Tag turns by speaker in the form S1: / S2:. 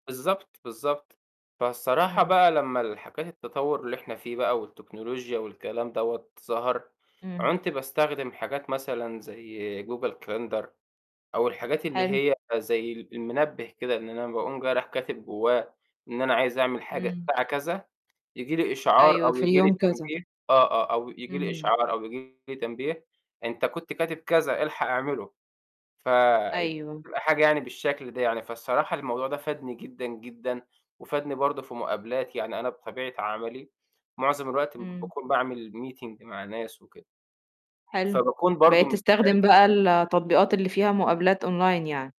S1: بالضبط، بالضبط. فالصراحة
S2: إمم.
S1: بقى لمّا الحاجات التطوّر اللي إحنا فيه بقى والتكنولوجيا والكلام دوَّة ظَهَر،
S2: إمم.
S1: عُنت باستخدم حاجات مثلًا زي google calendar أو الحاجات اللي
S2: حلو.
S1: هي زي ال المنبه كده، إن أنا باقوم جاي رايح كاتب جواه إن أنا عايز أعمل حاجة
S2: إمم.
S1: الساعة كذا، ييجي لي إشعار
S2: أيوه،
S1: أو
S2: في
S1: ييجي لي
S2: اليوم كذا.
S1: تنبيه آه، آه، أو ييجي لي
S2: إمم.
S1: إشعار أو ييجي لي تنبيه، أنت كنت كاتب كذا الحَق اعمِلُه، فيبقى
S2: أيوه.
S1: حاجة يعني بالشكل ده يعني، فالصراحة الموضوع ده فادني جدًا، جدًا وفادني برضه في مقابلاتي، يعني أنا بطبيعة عملي، معظم الوقت
S2: إمم.
S1: باكون باعمل meeting مع ناس وكده.
S2: حلو.
S1: فباكون برضه
S2: بقيت تستخدم
S1: مشترك.
S2: بقى ال التطبيقات اللي فيها مقابلات online يعني.